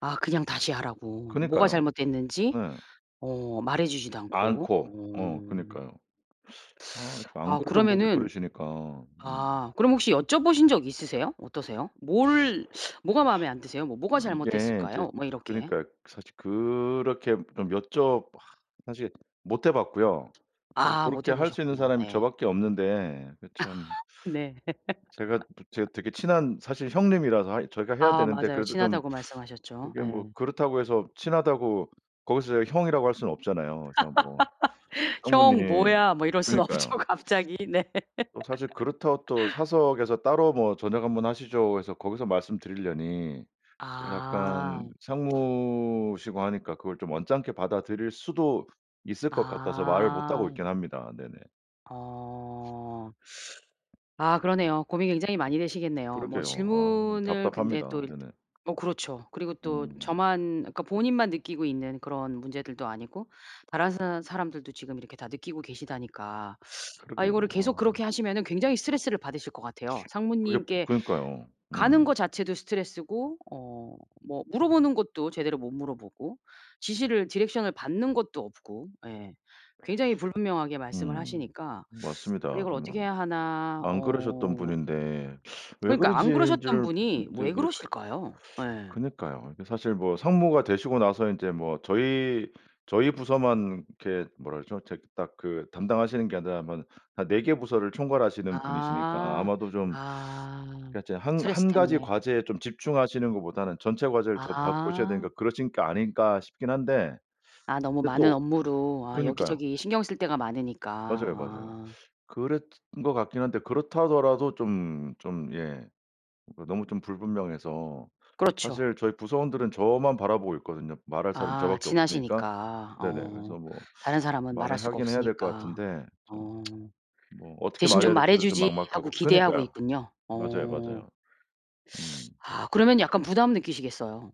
아 그냥 다시 하라고. 뭐가 그니까요. 잘못됐는지 네. 어 말해주지도 않고. 않고. 어 어. 그니까요. 아 이렇게 안 아 그러던 분이 그러면은 그러시니까. 음. 아 그럼 혹시 여쭤보신 적 있으세요? 어떠세요? "뭘 뭐가 마음에 안 드세요? 뭐 뭐가 이게 인제 잘못됐을까요?" 뭐 이렇게. 그니까요. 사실 그렇게 좀 여쭤 사실 못해봤고요. 사실 아 고렇게 못해 할 수 있는 보셨구나. 사람이 저 예. 밖에 없는데 그 참 네. 제가 또 제가 되게 친한 사실 형님이라서 하 저희가 해야 아 되는데 맞아요. 그래도 좀 친하다고 말씀하셨죠. 그게 예. 뭐 그렇다고 해서 친하다고 거기서 제가 형이라고 할 수는 없잖아요. 그래서 뭐 "형 상무님 뭐야?" 뭐 이럴 순 없죠, 그니까요. 갑자기. 네. 또 사실 그렇다고 또 "사석에서 따로 뭐 저녁 한번 하시죠." 해서 거기서 말씀드리려니 약간 아. 상무시고 하니까 그걸 좀 언짢게 받아들일 수도 있을 것 같아서 말을 못 하고 아. 있긴 합니다. 네네. 어. 아 그러네요. 고민이 굉장히 많이 되시겠네요. 뭐 그러게요. 아 좀 질문을 근데 답답합니다. 또 일단 네네. 뭐 그렇죠. 그리고 또 음. 저만 그러니까 본인만 느끼고 있는 그런 문제들도 아니고 다른 사람 사람들도 지금 이렇게 다 느끼고 계시다니까. 아 이거를 그러게요. 계속 아. 그렇게 하시면은 굉장히 스트레스를 받으실 것 같아요. 그게 상무님께 그니까요. 가는 음. 거 자체도 스트레스고 어 뭐 물어보는 것도 제대로 못 물어보고 지시를 디렉션을 받는 것도 없고 예 굉장히 불분명하게 말씀을 음. 하시니까 맞습니다, 이걸 정말. 어떻게 해야 하나 안 그러셨던 어 분인데 왜 그러니까요. 그러지 안 그러셨던 는지를 분이 이제 왜 이게 그러실까요? 예. 그니까요. 이게 사실 뭐 상무가 되시고 나서 인제 뭐 저희, 저희 부서만 이렇게 뭐라 그러죠. 저 딱 그 담당하시는 게 아니라 뭐 한 4 개 부서를 총괄하시는 분이시니까 아. 아마도 좀 아. 그러니까 이제 '한 스트레스 한 가지 때문에. 과제에 좀 집중하시는 것보다는 전체 과제를 저 봐 보셔야 아. 되니까 그러신 게 아닐까.' 싶긴 한데. 아 너무 근데 많은 또 업무로 아 그니까요. 여기저기 신경 쓸 데가 많으니까. 맞아요, 맞아요. 아. 그랬던 것 같긴 한데 그렇다 하더라도 좀, 좀 예 그 너무 좀 불분명해서 그렇죠. 사실 저희 부서원들은 저만 바라보고 있거든요, 말할 사람이 저 아 밖에 없으니까. 친하시니까 네네. 어 그래서 뭐 다른 사람은 말할 말을 수가 하긴 해야 될 것 없으니까. 같은데 좀 어. 뭐 어떻게 '대신 좀 말해야 말해 될지도 좀 주지.' 하고 막막하고 기대하고 그니까요. 있군요. 맞아요, 어. 맞아요. 음. 아 그러면 약간 부담 느끼시겠어요?